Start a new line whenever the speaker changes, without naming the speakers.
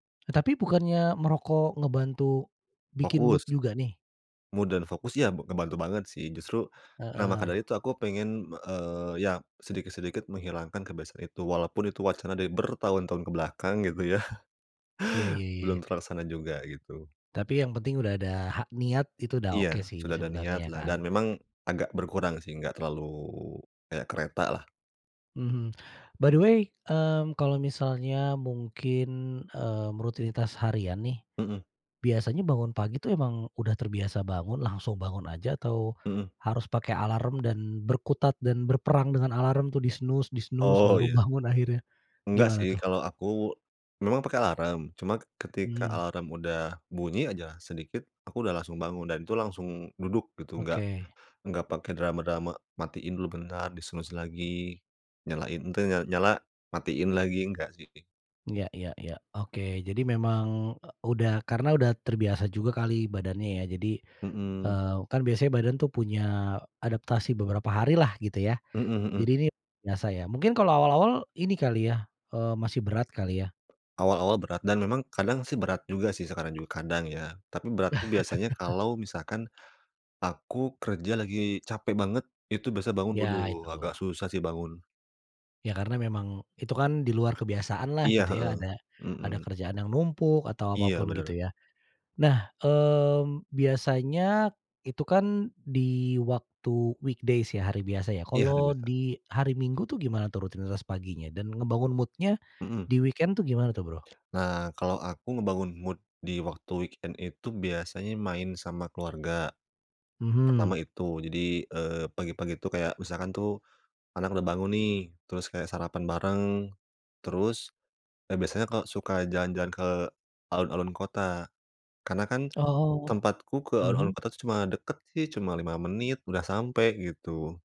E tapi bukannya merokok ngebantu bikin mood
Fokus.
juga, nih?
Mood, dan fokus ya, b ngebantu banget sih, justru nah, maka dari
Heeh.
itu aku pengen, eee, iya sedikit-sedikit menghilangkan kebiasaan itu. Walaupun itu wacana dari bertahun-tahun ke belakang gitu ya.
Iya iya iya.
Belum terlaksana juga, gitu.
Tapi yang penting udah ada ha niat itu udah oke
Iya,
sih,
sudah ada niat
sebenarnya ya,
lah.
kan.
Dan, memang agak berkurang sih, enggak terlalu kayak kereta lah.
Mhm. By the way, mmm, kalau misalnya mungkin, mmm, rutinitas harian nih,
Mhm.
biasanya bangun pagi tuh emang udah terbiasa bangun, langsung bangun aja, atau
Mhm.
harus pakai alarm, dan berkutat, dan berperang dengan alarm tuh di-snooze di-snooze
Oh,
baru
iya.
bangun akhirnya.
Enggak
Gimana
sih,
tuh?
kalau aku, memang pakai alarm, cuma ketika
Mhm.
alarm udah bunyi aja sedikit, aku udah langsung bangun, dan itu langsung duduk, gitu. Enggak
Oke.
enggak pakai drama-drama matiin dulu bentar, di-snooze lagi, nyalain te n n nyala, matiin lagi enggak, sih.
Iya iya iya. Oke. Jadi memang, e udah karena sudah terbiasa juga kali badannya, ya jadi,
Mhm.
eee, kan biasanya badan tuh punya adaptasi beberapa hari lah, gitu, ya.
Mhm
Jadi
mhm.
ini biasa, ya. Mungkin kalau awal-awal, ini kali ya, eee, masih berat kali, ya?
Awal-awal berat, dan memang kadang sih berat juga sih sekarang juga, kadang, ya. Tapi berat itu biasanya kalau misalkan aku kerja lagi capek banget, itu biasa bangun,
Iya,
aduh,
itu.
agak susah sih bangun.
Iya, karena memang itu kan di luar kebiasaan lah,
Iya,
gitu
heeh,
ya, ada ada
mhm.
kerjaan yang numpuk, atau
Iya,
apapun,
bener.
gitu, ya. Nah, mmm, biasanya itu kan di waktu weekdays ya, hari biasa, ya.
Iya, hari
Kalau
biasa.
di hari Minggu tuh gimana tuh rutinitas paginya? Dan, ngebangun mood-nya
Mhm.
di weekend tuh gimana tuh, Bro?
Nah, kalau aku ngebangun mood di waktu weekend itu biasanya main sama keluarga. Pertama
Mhm.
itu. Jadi, eee, pagi-pagi itu kayak misalkan tuh, anak udah bangun nih, terus kayak sarapan bareng, terus, e biasanya kalau suka jalan-jalan ke alun-alun kota. Karena kan
Oh,
tempatku ke alun-alun
mhm?
kota cuma deket sih, cuma 5 menit, udah sampai, gitu.